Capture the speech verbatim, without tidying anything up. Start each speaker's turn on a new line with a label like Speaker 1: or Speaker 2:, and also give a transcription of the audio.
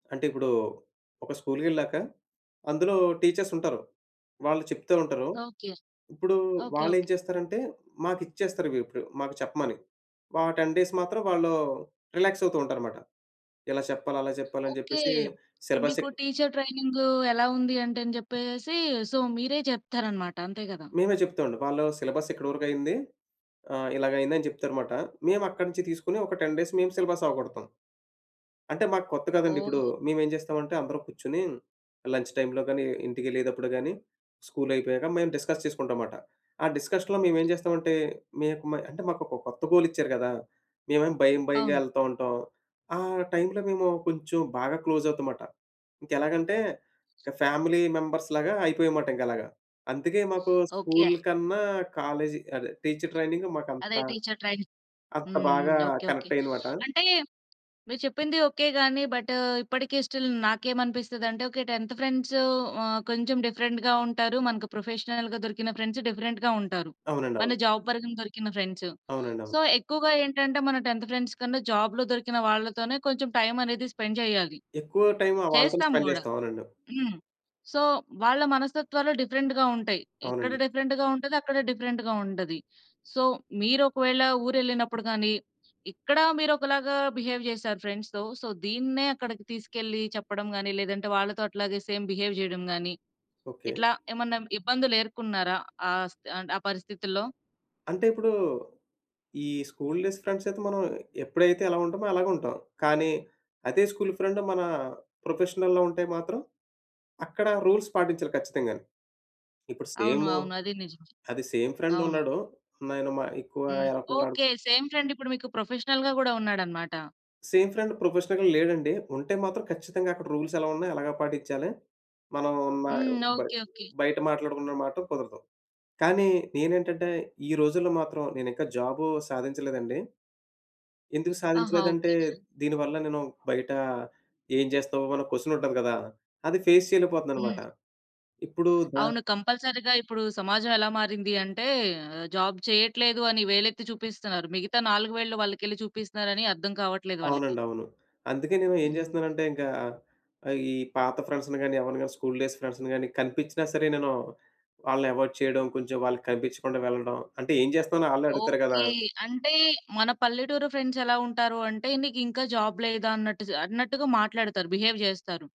Speaker 1: అంటే, ఇప్పుడూ ఒక స్కూల్‌కెల్లాక అందులో టీచర్సుంటారు. వాళ్ళు చెప్తూ ఉంటరు.
Speaker 2: ఓకే.
Speaker 1: ఇప్పుడూ
Speaker 2: ఓకే.
Speaker 1: వాళ్ళేం
Speaker 2: ఓకే.
Speaker 1: చేస్తారంటే, మాకిచ్చేస్తారివి ఇప్పుడు మాకు చెప్పమని. వా టెన్ డేస్ మాత్రం వాళ్ళూ రిలాక్సవుతూ ఉంటారు మాట. ఇలా చెప్పాలి, అలా చెప్పాలి అని
Speaker 2: ఓకే.
Speaker 1: చెప్పేసి సిలబస్
Speaker 2: మీకు
Speaker 1: చెప్పి
Speaker 2: టీచర్ ట్రైనింగూ ఎలా ఉంది అంటే అని జెప్పేసేసీ, సో, మీరే చెప్తారనమాట. అంతే గదా!
Speaker 1: మేమే చెప్తావండి. వాళ్ళా సిలబస్ ఇక్కడ వరుకయింది. ఆహ్, ఇలాగయిందని చెప్తారుమాట. మేము అక్కడనించి తీసుకుని ఒక టెన్ డేస్ మేం సిలబసవగొడతాం. అంటే, మాకు కొత్త కదండిప్పుడు,
Speaker 2: ఓహ్!
Speaker 1: మేమేం చేస్తామంటే, అందరూ కుర్చుని లంచ్ టైమ్‌లో గానీ, ఇంటికెళ్ళేదప్పుడు గానీ, స్కూలయిపోయాక మేం డిస్కస్ చేసుకుంటాం మాట. ఆ డిస్కషన్‌లో మేమేం చేస్తామంటే, మేక్ మై అంటే, మాకొక కొత్త గోలిచ్చారు గదా! మేవేమో భయం భయంగా
Speaker 2: అవును.
Speaker 1: యెళ్తా ఉంటాం. ఆ టైమ్‌లో మేము కొంచుం బాగా క్లోజవుతమాట. ఇంకెలాగంటే, ఇక ఫ్యామిలీ మెంబర్స్‌లాగా అయిపోయాం మాట ఇంకలాగా. అందుకే మాకూ
Speaker 2: ఓకే.
Speaker 1: స్కూల్
Speaker 2: ఆ!
Speaker 1: కన్నా కాలేజి అదే టీచర్ ట్రైనింగు మాకంత,
Speaker 2: అదే టీచర్ ట్రైనింగ్.
Speaker 1: అంత
Speaker 2: హ్మ్.
Speaker 1: బాగా
Speaker 2: హ్మ్. ఓకే. ఓకే.
Speaker 1: కనెక్టయింది మాట.
Speaker 2: అంటే, మీరు చెప్పింది ఓకే. గానీ, బటూ ఇప్పడికీ స్టిల్ నాకేమనిపిస్తదంటే, ఓకే టెన్థ్ ఫ్రెండ్స్ ఆహ్, కొంచెం డిఫరెంట్‌గా ఉంటారు. మనకు ప్రొఫెషనల్‌గా దొరికిన ఫ్రెండ్స్ డిఫరెంట్‌గా ఉంటారు,
Speaker 1: అవునండి.
Speaker 2: మన
Speaker 1: అవును.
Speaker 2: జాబ్ పరంగా దొరికిన ఫ్రెండ్స్.
Speaker 1: అవునండి. అవును.
Speaker 2: సో, ఎక్కువుగా ఏంటంటే, మనం టెన్థ్ ఫ్రెండ్స్ కన్నా, జాబ్‌లో దొరికిన వాళ్ళతోనే కొంచెం టైమనేది స్పెండ్ జెయ్యాలి.
Speaker 1: ఎక్కువ టైమ్ ఆహ్, వాళ్ళతోనే
Speaker 2: చేస్తాం
Speaker 1: స్పెండ్
Speaker 2: గూడా.
Speaker 1: చేస్తాం. అవునండి.
Speaker 2: హ్మ్. సో, వాళ్ళ మనస్తత్వాలు డిఫరెంట్‌గా ఉంటయి. ఇక్కడ
Speaker 1: అవునండి.
Speaker 2: డిఫరెంట్‌గా ఉంటది, అక్కడ డిఫరెంట్‌గా ఉంటది. సో, మీరొకవేళా ఊరెళ్ళినప్పుడు గానీ, ఇక్కడా మీరొకలాగా బిహేవ్ జేశారు ఫ్రెండ్స్‌తో. సో, దీన్నే అక్కడికి తీసుకెళ్లి చెప్పడం గానీ, లేదంటే వాళ్ళతో అట్లాగే సేమ్ బిహేవ్ జెయడం గానీ,
Speaker 1: ఓకే.
Speaker 2: ఇట్లా ఏమన్నా ఇబ్బందులు ఏరుకున్నారా ఆ స్థి అంటె ఆ పరిస్థితుల్లో?
Speaker 1: అంటే, ఇప్పుడూ ఈ స్కూల్ డేస్ ఫ్రెండ్స‌యితే, మనం ఎప్పుడైతే ఎలా ఉంటమో అలాగే ఉంటాం, కానీ అదే స్కూల్ ఫ్రెండ్ మనా ప్రొఫెషనల్‌లో ఉంటే మాత్రం, అక్కడ రూల్స్ పాటించాలి ఖచ్చితంగాని. ఇప్పుడు
Speaker 2: అవును.
Speaker 1: సేము
Speaker 2: అవును. అదీ నిజమే.
Speaker 1: అది సేమ్
Speaker 2: అవును.
Speaker 1: ఫ్రెండున్నాడు. నేను మ యెక్కువా
Speaker 2: హ్మ్.
Speaker 1: యెనకున్నాడు.
Speaker 2: ఓకే. సేమ్ ఫ్రెండిప్పుడు మీకు ప్రొఫెషనల్‌గా గూడా ఉన్నాడనమాట.
Speaker 1: సేమ్ ఫ్రెండ్ ప్రొఫెషనల్‌గా లేడండి. ఉంటే మాత్రం ఖచ్చితంగా అక్కడ రూల్స్ ఎలా ఉన్నయి, అలాగా పాటిచ్చాలి. మనం ఉన్నా యొ
Speaker 2: హ్మ్.
Speaker 1: Bye
Speaker 2: okay. ఓకే.
Speaker 1: బయట మాట్లాడుకున్న మాటో కుదరదు. కానీ, నేనేంటంటే, ఈ రోజుల్లో మాత్రం నేనింకా జాబు సాధించలేదండి. ఎందుకు
Speaker 2: ఆహా!
Speaker 1: సాధించలేదంటే,
Speaker 2: ఓకే.
Speaker 1: దీని వల్ల నేను బయటా ఏం జేస్తావో అన్న కొసనుంటది గదా! అది ఫేస్ చెయలేపోతన్నానుమాట.
Speaker 2: హ్మ్.
Speaker 1: ఇప్పుడూ దా
Speaker 2: అవును. కంపల్సరీగా. ఇప్పుడూ సమాజం ఎలా మారింది అంటే, ఆహ్, జాబ్ చెయ్యట్లేదు అని వేలెత్తి చూపిస్తన్నారు. మిగతా నాలుగు వేళ్ళు వాళ్ళకెళ్లి చూపిస్తున్నారని అర్థం కావట్లేదు వాళ్ళకి.
Speaker 1: అవునండి. అవును. అందుకే నేను ఏం
Speaker 2: హ్మ్.
Speaker 1: జేస్తన్నానంటే, ఇంకా ఆహ్, ఈ పాత ఫ్రెండ్స్‌ని గానీ, ఎవరిని గానీ, స్కూల్ డేస్ ఫ్రెండ్స్‌ని గానీ, కనిపిచ్చినా సరే నేనూ, వాళ్ళని ఎవాయిడ్ చేయడం. కొంచెం వాళ్ళకి కనిపిచ్చకుండా వెళ్ళడం. అంటే ఏం జేస్తనానో ఆళ్ళే అడుగుతారు గదా!
Speaker 2: ఓకే. అంటే, మన పల్లెటూరు ఫ్రెండ్సెలా ఉంటారు అంటే, నీకింకా జాబ్ లేదా అన్నట్టు జ అన్నట్టుగా మాట్లాడతారు. బిహేవ్ జేస్తారు.